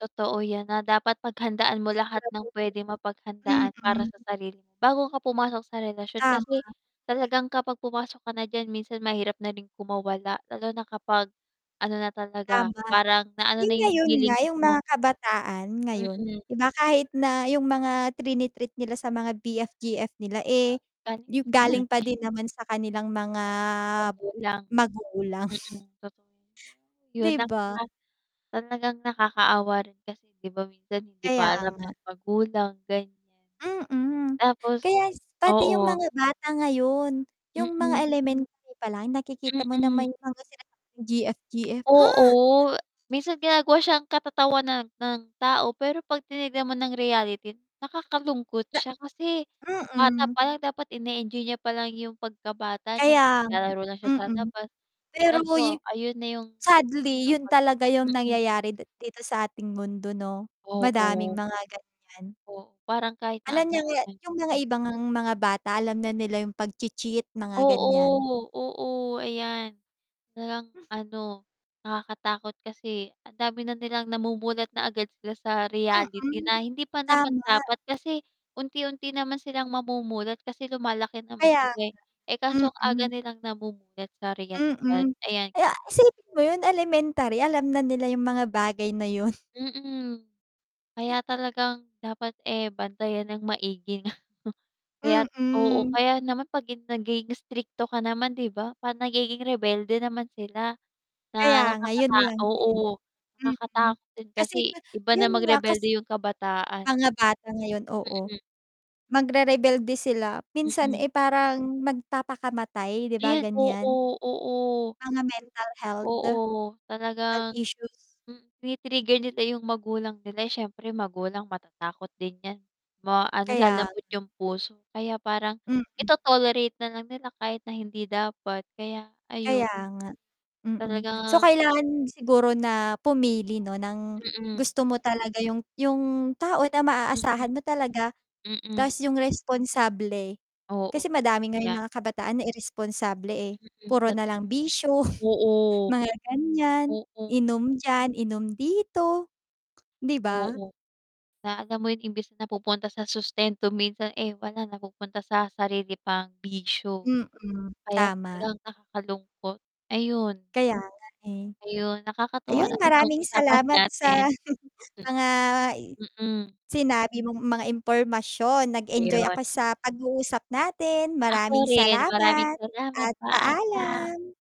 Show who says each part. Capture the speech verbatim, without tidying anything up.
Speaker 1: Totoo 'yan, na dapat paghandaan mo lahat ng pwedeng
Speaker 2: Siguraduhin.
Speaker 1: mapaghandaan para sa
Speaker 2: Mm.
Speaker 1: sarili mo, bago ka pumasok sa relasyon. Kasi
Speaker 2: Tama.
Speaker 1: talagang kapag pumasok ka na diyan minsan mahirap na rin kumawala, lalo na kapag ano na talaga,
Speaker 2: Tama.
Speaker 1: parang na ano
Speaker 2: Uy,
Speaker 1: na 'yung
Speaker 2: ngayon nga,
Speaker 1: feelings
Speaker 2: 'yung mga
Speaker 1: mo.
Speaker 2: kabataan ngayon,
Speaker 1: Mm.
Speaker 2: 'di ba, kahit na 'yung mga trini-treat nila sa mga B-F, G-F, nila, eh,
Speaker 1: Galing
Speaker 2: yung
Speaker 1: sa
Speaker 2: galing pa
Speaker 1: nanay.
Speaker 2: din naman sa kanilang mga
Speaker 1: Magulang.
Speaker 2: magulang.
Speaker 1: Mm, totoo yun. 'Yun
Speaker 2: Di
Speaker 1: na
Speaker 2: ba?
Speaker 1: nga. Talagang nakakaawa rin kasi, di ba, minsan hindi
Speaker 2: Kaya
Speaker 1: pa alam
Speaker 2: nga.
Speaker 1: ng magulang gan'yan.
Speaker 2: Mm,
Speaker 1: Tapos
Speaker 2: kaya pati yung
Speaker 1: oo.
Speaker 2: mga bata ngayon, yung mga
Speaker 1: Mm.
Speaker 2: elementary palang nakikita mo na
Speaker 1: Mm.
Speaker 2: may mga sinasabi G-F-G-F ha?
Speaker 1: Oo, minsan ginagawa siya katatawanan ng tao pero 'pag tinignan mo ng reality nakakalungkot
Speaker 2: Na
Speaker 1: siya, kasi bata
Speaker 2: Mm.
Speaker 1: palang dapat ine-enjoy niya palang yung pagkabata niya
Speaker 2: Kaya
Speaker 1: na
Speaker 2: nga,
Speaker 1: naglalaro lang siya sa
Speaker 2: mm,
Speaker 1: labas. Eh,
Speaker 2: pero yu
Speaker 1: kaso ayun na yung
Speaker 2: sadly,
Speaker 1: ano,
Speaker 2: 'yun
Speaker 1: 'pag
Speaker 2: talaga 'yung
Speaker 1: mm.
Speaker 2: nangyayari di dito sa ating mundo 'no, madaming
Speaker 1: Oo.
Speaker 2: mga gan'yan.
Speaker 1: O parang kahit na
Speaker 2: Alam
Speaker 1: ano,
Speaker 2: niya nga
Speaker 1: yan.
Speaker 2: yung mga iba ngang mga bata alam na nila yung pagchi-cheat, mga gan'yan.
Speaker 1: Oo, oo, ayan nalang ano, nakakatakot kasi ang dami na nilang namumulat na agad sila sa reality
Speaker 2: Mm.
Speaker 1: na hindi pa naman
Speaker 2: Tama.
Speaker 1: dapat. Kasi unti-unti naman silang mamumulat kasi lumalaki naman
Speaker 2: Kaya nga.
Speaker 1: sila, eh. Eh, kaso agad
Speaker 2: Mm.
Speaker 1: nilang namumulat sa realidad,
Speaker 2: Mm.
Speaker 1: ayan.
Speaker 2: Eh, isipin mo 'yun elementary, alam na nila yung mga bagay na 'yun.
Speaker 1: Mm, kaya talagang dapat, eh, bantayan ng maigi. Kaya't oo
Speaker 2: Mm.
Speaker 1: kaya naman 'pag hin naging istrikto ka naman di ba parang nagiging rebelde naman sila
Speaker 2: Kaya
Speaker 1: na
Speaker 2: ngayon
Speaker 1: nakakata
Speaker 2: lang din.
Speaker 1: oo,
Speaker 2: Mm,
Speaker 1: nakakatakot din
Speaker 2: kasi
Speaker 1: kasi, iba na
Speaker 2: yun nga kas
Speaker 1: magrebelde yung kabataan.
Speaker 2: Mga bata ngayon oo,
Speaker 1: Mm.
Speaker 2: magrerebelde sila minsan,
Speaker 1: Mm.
Speaker 2: eh, parang magpapakamatay, 'di ba,
Speaker 1: Ayan,
Speaker 2: gan'yan.
Speaker 1: oo, oo.
Speaker 2: Mga mental health.
Speaker 1: Oo,
Speaker 2: Health
Speaker 1: talagang
Speaker 2: issues.
Speaker 1: mm, tini-trigger nila 'yung magulang nila. Eh, siyempre magulang matatakot din yan. Ma ano,
Speaker 2: Kaya.
Speaker 1: lalambot yung puso kaya parang
Speaker 2: Mm.
Speaker 1: ito-tolerate nalang nila kahit na hindi dapat, kaya
Speaker 2: Kaya
Speaker 1: ayun.
Speaker 2: nga, mm. So,
Speaker 1: Talagang
Speaker 2: kailangan siguro na pumili 'no ng
Speaker 1: Mm.
Speaker 2: gusto mo talaga yung yung tao na
Speaker 1: Mm,
Speaker 2: maaasahan mo talaga tas
Speaker 1: mm.
Speaker 2: yung responsable. Kasi
Speaker 1: Oo,
Speaker 2: madami
Speaker 1: totoo
Speaker 2: ngayon
Speaker 1: yan.
Speaker 2: mga kabataan na iresponsable, eh.
Speaker 1: Mm,
Speaker 2: Puro
Speaker 1: tot
Speaker 2: nalang bisyo
Speaker 1: oo.
Speaker 2: mga gan'yan,
Speaker 1: Oo.
Speaker 2: inom diyan, inom dito, di ba?
Speaker 1: Oo, na alam mo yun, imbis na napupunta sa sustento minsan, eh, wala napupunta sa sarili pang bisyo.
Speaker 2: Mm,
Speaker 1: Kaya
Speaker 2: tama.
Speaker 1: talagang nakakalungkot, ayun.
Speaker 2: Kaya nga, eh.
Speaker 1: Ayun, nakakatuwa
Speaker 2: Ayun
Speaker 1: naman 'tong
Speaker 2: maraming
Speaker 1: usapan
Speaker 2: salamat
Speaker 1: natin,
Speaker 2: sa mga
Speaker 1: mm.
Speaker 2: sinabi mong mga impormasyon, nag-enjoy
Speaker 1: Ayun.
Speaker 2: ako sa pag-uusap natin.
Speaker 1: Ako
Speaker 2: Maraming
Speaker 1: rin maraming
Speaker 2: salamat
Speaker 1: salamat
Speaker 2: at
Speaker 1: paalam.
Speaker 2: paalam.